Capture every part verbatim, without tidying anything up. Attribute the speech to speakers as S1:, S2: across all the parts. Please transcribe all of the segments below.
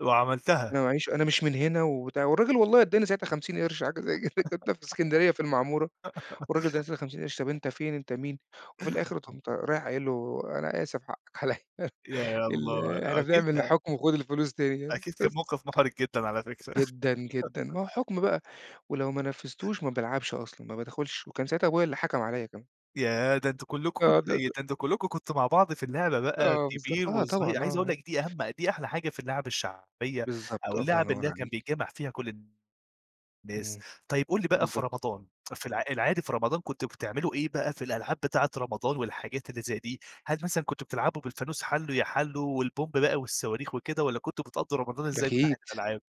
S1: وعملتها.
S2: أنا معييش أنا مش من هنا، وبتاع والرجل والله أداني ساعتها خمسين قرش حاجه زي كدا، كنت في الإسكندرية في المعمورة، والراجل [unintelligible] خمسين قرش طب أنت فين أنت مين؟ وفي الآخر قمت رايح قايل له أنا آسف حقك عليّا،
S1: يا
S2: ال
S1: الله
S2: إحنا
S1: أكيد
S2: بنعمل
S1: ك
S2: حكم وخد الفلوس تاني يعني
S1: أكيد كان
S2: بس.
S1: موقف محرج جدًا على فكرة.
S2: جدًا، جدًا، ما هو حكم بقى ولو ما نفذتوش ما بالعبش أصلًا، ما بادخلش وكان ساعتها أبويا اللي حكم عليّا كمان.
S1: ياه! ده أنتم كلكم
S2: آه
S1: كنتم إيه؟ ده
S2: [unintelligible]
S1: أنتم كلكم كنتم مع بعض في اللعبة بقى
S2: آه، بالضبط
S1: كبير
S2: آه،
S1: وصغير،
S2: طبعًا
S1: عايز أقول
S2: آه.
S1: لك دي أهم دي أحلى حاجة في اللعب الشعبية،
S2: بالضبط،
S1: أو
S2: الله
S1: اللعب اللي
S2: ينور
S1: هي كان
S2: عليك.
S1: بيتجمع فيها كل الناس،
S2: إمم،
S1: طيب قل لي بقى في
S2: بالضبط.
S1: رمضان في العا العادي في رمضان كنتم بتعملوا إيه بقى في الألعاب بتاعة رمضان والحاجات اللي زي دي، هل مثلًا كنتم بتلعبوا بالفانوس حالو يا حالو والبومب بقى والصواريخ وكده، والّا كنتم بتقضوا رمضان إزاي من ناحية
S2: أكيد،
S1: الألعاب؟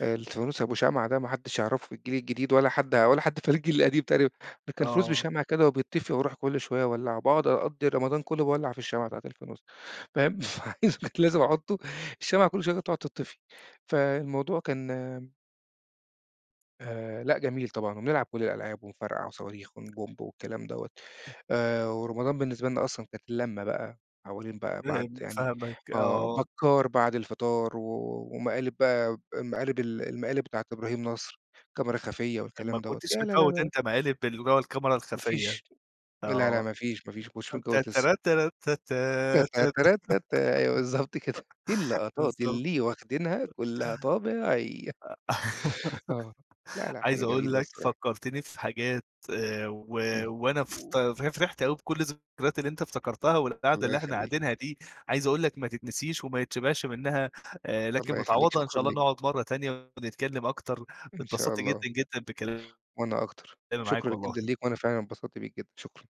S2: الفانوس أبو شمعة ده ما حدش هيعرفه في الجيل الجديد ولا حد ولا حد فالجيل القديم تقريبًا، ده كان فانوس
S1: آه.
S2: بشمعه كده وبيتطفي وأروح كل شوية أولعه باقعد أقضي رمضان كله باولع في الشمعة بتاعة الفانوس فاهم؟ لازم أحطه الشمعة كل شوية كانت تقعد تطفي فالموضوع كان آآ، لأ جميل طبعًا، وبنلعب كل الألعاب ونفرقع صواريخ ون بومب والكلام دوّة آآ، ورمضان بالنسبة لنا أصلًا كانت اللمة بقى حولين بقى بعد
S1: فاهم،
S2: يعني
S1: فاهمك،
S2: آه،
S1: آه.
S2: بكار بعد الفطار، و ومقالب بقى المقالب ال المقالب بتاعة إبراهيم نصر الكاميرا الخفية
S1: ما
S2: والكلام دوّة،
S1: كنتش
S2: يا لا، لا، لا،
S1: بتفوّت
S2: لا.
S1: أنت مقالب اللي هو الكاميرا
S2: ما
S1: الخفية
S2: فيش، لا، لا،
S1: آه.
S2: ما فيش ما فيش ما كنتش متجوز لسه.
S1: تتترات تراتتا ت
S2: تاتراتتا أيوه بالضبط كده، اللقطات
S1: بالضبط،
S2: اللي واخدينها كلها طبيعية. آه، لأ، لأ،
S1: عايز
S2: حاجة
S1: أقول
S2: جميلة
S1: لك
S2: الصراحة.
S1: فكرتني في حاجات آآ، و
S2: إمم.
S1: وأنا ف فرحت أوي بكل الذكرايات اللي أنت افتكرتها، والقاعدة
S2: الله
S1: اللي إحنا
S2: يخليك.
S1: قاعدينها دي عايز أقول لك ماتتنسيش وما يتشبعش منها آآ، لكن
S2: الله يخليك،
S1: متعوضة إن
S2: شكرًا
S1: شاء الله
S2: ليك.
S1: نقعد مرة تانية ونتكلم أكتر،
S2: إن شاء
S1: اتبسطت
S2: الله،
S1: جدًا جدًا بكلامي
S2: وأنا أكتر
S1: معاك
S2: شكرًا جدًا
S1: والله.
S2: ليك، وأنا فعلًا اتبسطت بيك جدًا، شكرًا.